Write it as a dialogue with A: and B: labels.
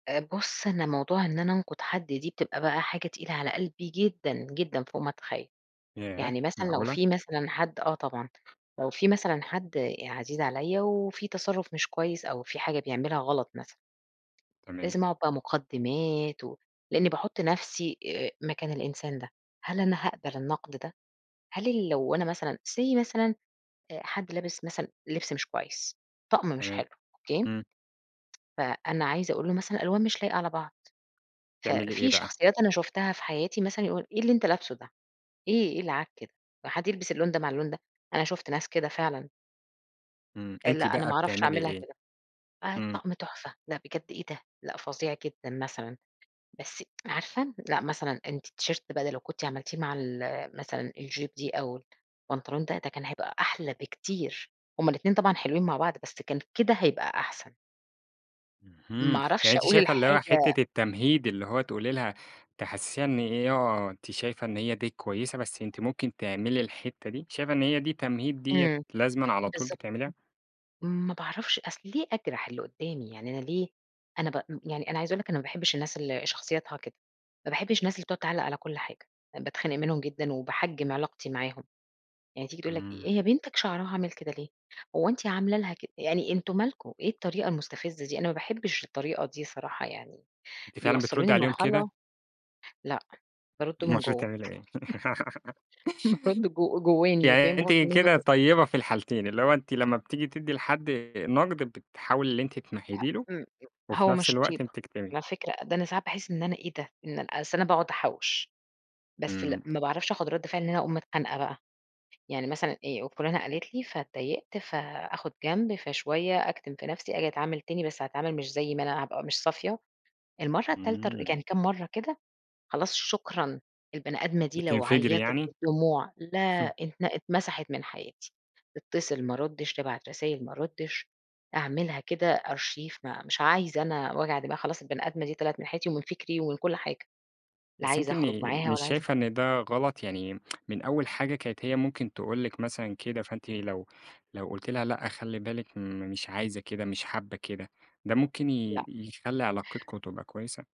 A: آآ بُصّ، أنا موضوع إن أنا أنقُد حد دي بتبقى بقى حاجة تقيلة على قلبي جدًا، جدًا، فوق ما تتخيّل.
B: ياه
A: يعني مثلًا لو
B: معقولة!
A: في مثلًا حد آه طبعًا لو في مثلًا حد عزيز عليَّ وفي تصرُّف مش كويس أو في حاجة بيعملها غلَط مثلًا.
B: تمام.
A: لازم أقعُد بقى مُقدِّمات ولإني باحُط نفْسي آآ مكان الإنسان ده، هل أنا هاقبَل النقد ده؟ هل اللي لو أنا مثلًا say مثلًا أ حد لابس مثلًا لِبس مش كويس، طقم مش
B: تمام،
A: حلو، أوكي.
B: امم.
A: فأنا عايزة أقول له مثلًا الألوان مش لايقة على بعض، ف
B: بتعملي إيه
A: في
B: بقى؟
A: شخصيات أنا شُفتها في حياتي مثلًا يقول "إيه اللي أنت لابسه ده إيه، إيه العك ده، هو حد يلبِس اللون ده مع اللون ده؟" أنا شُفت ناس كده فعلًا.
B: امم، أنتِ
A: لأ، أنا
B: بقى
A: ما أعرَفش
B: بتعملي
A: أعملها
B: إيه؟
A: كده. آه
B: امم.
A: الطقم تحفة! لأ بجد إيه ده! لأ فظيع جدًا مثلًا، بس عارفة لأ، مثلًا أنتِ الT-shirt بقى ده لو كنتِ عملتيه مع ال مثلًا الJupe دي أو البنطلون ده ده كان هيبقى أحلى بكتير، هُم الإتنين طبعًا حلوين مع بعض بس كان كده هيبقى أحسن. ما
B: اهم، يعني
A: أعرفش
B: أنتِ
A: أقول
B: شايفة اللي هو
A: الحاجة
B: حِتّة التمهيد اللي هو تقولي لها تحسّسيها إن إيه، آه، أنتِ شايفة إن هي دي كويسة بس أنتِ ممكن تعملي الحِتّة دي، شايفة إن هي دي تمهيد ديّة
A: امم
B: لازمًا على طول
A: بالضبط
B: بتعمليها؟
A: ما باعرفش أصْل ليه أجرَح اللي قُدّامي؟ يعني أنا ليه، أنا ب يعني أنا عايزة أقول لِك أنا ما باحبش الناس اللي شخصيتها كده، ما باحبش الناس اللي بتقعُد تعلّق على كل حاجة، باتخنق منهم جدًا وباحجم علاقتي معاهم، يعني تيجي تقول لك
B: امم.
A: "هي بنتك شعرها عامل كده ليه؟" هو أنتِ عاملة لها كد يعني، أنتم مالكم، إيه الطريقة المستفزِّة دي، أنا ما باحبش الطريقة دي الصراحة يعني،
B: أنتِ فعلًا
A: بيوصلّوني
B: بتردّي عليهم كده؟
A: لمرحلة، لأ بارُدّ من
B: المفروض
A: جوا
B: تعملي إيه؟
A: بارُدّ جو جوّاني
B: يعني
A: فاهم قصدي؟
B: أنتِ كده
A: [unintelligible]
B: طيبة في الحالتين، اللي هو أنتِ لما بتيجي تدّي لحد نقْد بتحاولي إن أنتِ تمهّدي
A: [unintelligible]
B: له
A: امم، امم،
B: وفي
A: هو
B: نفْس
A: مش
B: الوقت
A: طيبة
B: بتكتمي.
A: على فكرة، ده أنا ساعات باحس إن أنا إيه ده، أصْل أنا باقعُد أحوِّش بس
B: امم.
A: لأ، ما باعرفش آخُد رَد فِعل إن أنا أقوم متخانقة بقى، يعني مثلًا إيه، وفلانة قالِت لي فاتضايقت فاخد جنب، فشوية أكتِم في نفْسي آجي أتعامل تاني بس أتعامل مش زي ما أنا هابقى مش صافية، المرَّة التالتة، ر
B: امم.
A: يعني كام مرَّة كده خلاص شكرًا، البني آدمة دي لو
B: بتنفجري
A: عيّطِت
B: يعني؟
A: بالدموع لا، ات اتمسحت من حياتي، تتصل ما أرُدّش، تبعت رسايل ما أرُدّش أعملها كده Archive ما مش عايزة أنا وجع دماغ خلاص البني آدمة دي طلعت من حياتي ومن فِكري ومن كلّ حاجة، لا
B: بس
A: عايزة
B: أنتِ م
A: أخرج معاها
B: مش
A: ولا عايزة
B: شايفة إن ده غلط، يعني من أول حاجة كانت هي ممكن تقول لِك مثلًا كده فأنتِ لو لو قُلتِ لها لأ، خلّي بالِك أنا م مش عايزة كده، مش حابّة كده، ده ممكن ي
A: لأ.
B: يخلّي علاقتكم تبقى كويسة؟